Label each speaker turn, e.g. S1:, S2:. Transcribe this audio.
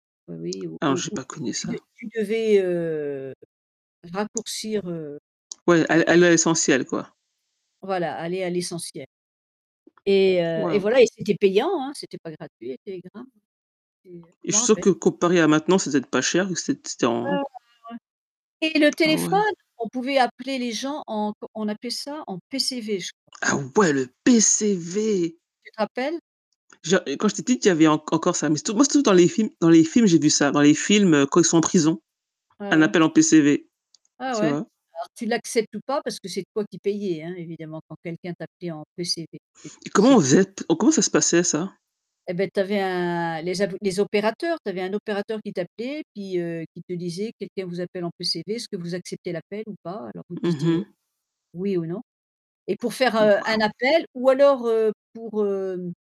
S1: Ouais, oui, ou
S2: Ah non,
S1: ou
S2: j'ai
S1: ou
S2: pas
S1: tu
S2: connu
S1: tu
S2: ça.
S1: de tu devais, heu, raccourcir, heu,
S2: Ouais,
S1: le
S2: all aller à l'essentiel, quoi.
S1: Voilà, aller à l’essentiel. Et, heu, et
S2: Waouh!
S1: voilà, et c'était payant, hein, c'était pas gratuit, les télégrammes. C'était
S2: Et
S1: je
S2: je
S1: m'en
S2: suis sûre
S1: rappelle.
S2: que, comparé à maintenant, c'est peut-être pas cher, vu que c'ét c'était
S1: Ouais, ouais,
S2: en
S1: ouais, ouais. Et le
S2: Ah ouais?
S1: téléphone, on pouvait appeler les gens en co on appelait ça en PCV, je crois.
S2: Ah ouais! Le PCV!
S1: Tu te rappelles?
S2: Je et quand j'étais petite, il y avait enc encore ça, mais, surtout moi surtout dans les films dans les films, j'ai vu ça. Dans les films, heu, quand ils sont en prison,
S1: Ouais,
S2: un
S1: ouais.
S2: appel en PCV,
S1: Ah
S2: tu
S1: ouais?
S2: vois?
S1: Alors tu l'acceptes ou pas, parce que c'est toi qui payais, hein, évidemment quand quelqu'un t'appelait en PCV. Et
S2: Et comment
S1: c'est
S2: on faisait p oh, comment ça se passait, ça?
S1: Et beh, tu avais un les abo les opérateurs tu avais un opérateur qui t'appelait puis, heu, qui te disait: «Quelqu'un vous appelle en PCV. Est-ce que vous acceptez l'appel ou pas?» alors vous
S2: Mmh
S1: disiez, heu:
S2: mh.
S1: «oui» ou «non». Et pour faire, heu, un
S2: Waouh!
S1: appel ou alors, heu, pour hem